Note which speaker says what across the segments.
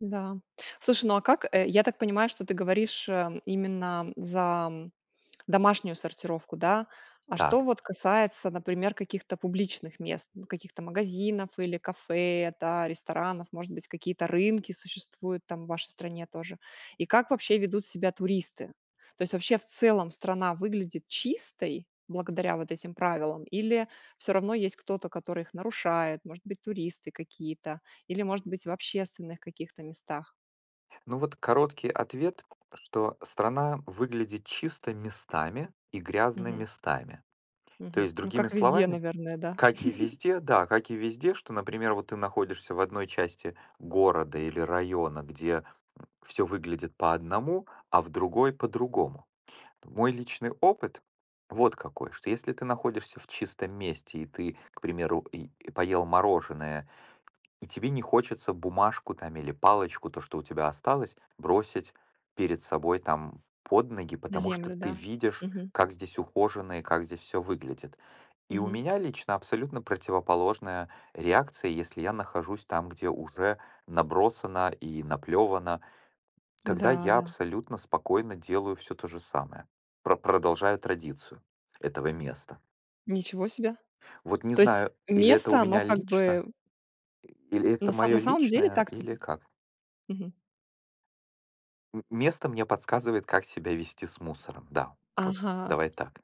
Speaker 1: Да. Слушай, ну а как э, я так понимаю, что ты говоришь, а, именно за, м, домашнюю сортировку, да? А что
Speaker 2: Так.
Speaker 1: вот касается, например, каких-то публичных мест- ну, каких-то магазинов или кафе, да, ресторанов. Может быть, какие-то рынки существуют там, в вашей стране тоже? И как вообще ведут себя туристы? То есть вообще, в целом, страна выглядит чистой благодаря вот этим правилам или всё равно есть кто-то, который их нарушает- может быть, туристы какие-то или, может быть, в общественных каких-то местах?
Speaker 2: Ну вот короткий ответ, что страна выглядит чисто местами, и грязно
Speaker 1: Мгм.
Speaker 2: местами. То
Speaker 1: Мгм.
Speaker 2: есть,
Speaker 1: Ну
Speaker 2: другими
Speaker 1: как везде,
Speaker 2: словами,
Speaker 1: наверное, да.
Speaker 2: как и везде, да, как и везде, что, например, вот ты находишься в 1 части города, или района, где, м, всё выглядит по одному, а в другой по-другому. Мой личный опыт вот какой: что если ты находишься в чистом месте и ты, к примеру, и поел мороженое, и тебе не хочется бумажку там, или палочку, то, что у тебя осталось, бросить перед собой, там, под ноги,
Speaker 1: На
Speaker 2: потому что
Speaker 1: землю,
Speaker 2: ты
Speaker 1: да.
Speaker 2: видишь,
Speaker 1: Мгм.
Speaker 2: как здесь ухоженно и как здесь всё выглядит. И у
Speaker 1: Мгм.
Speaker 2: меня лично абсолютно противоположная реакция, если я нахожусь там, где уже набросано и наплёвано, тогда
Speaker 1: Да,
Speaker 2: я
Speaker 1: да.
Speaker 2: абсолютно спокойно делаю всё то же самое, пр продолжая традицию этого места.
Speaker 1: Ничего себе.
Speaker 2: Вот не
Speaker 1: То есть
Speaker 2: знаю, или это у
Speaker 1: место, оно
Speaker 2: меня
Speaker 1: как
Speaker 2: лично,
Speaker 1: бы
Speaker 2: и или
Speaker 1: На
Speaker 2: это
Speaker 1: сам
Speaker 2: моё
Speaker 1: на самом деле
Speaker 2: личное,
Speaker 1: так
Speaker 2: или
Speaker 1: себе?
Speaker 2: как.
Speaker 1: Мгм.
Speaker 2: М место мне подсказывает, как себя вести с мусором. Да, вот
Speaker 1: Ага.
Speaker 2: давай так.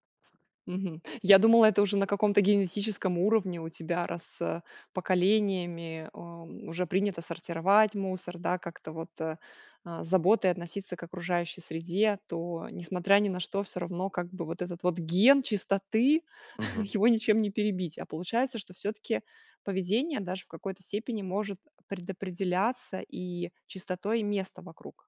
Speaker 1: Мгм. Я думала это уже на каком-то генетическом уровне у тебя, раз, э, поколениями, а, уже принято сортировать мусор, да, как-то вот, а, а, с заботой относиться к окружающей среде, то, несмотря ни на что, всё равно, как бы, вот этот вот ген чистоты-
Speaker 2: Мгм.
Speaker 1: его ничем не перебить; а получается, что всё-таки поведение даже в какой то степени может предопределяться и чистотой места вокруг.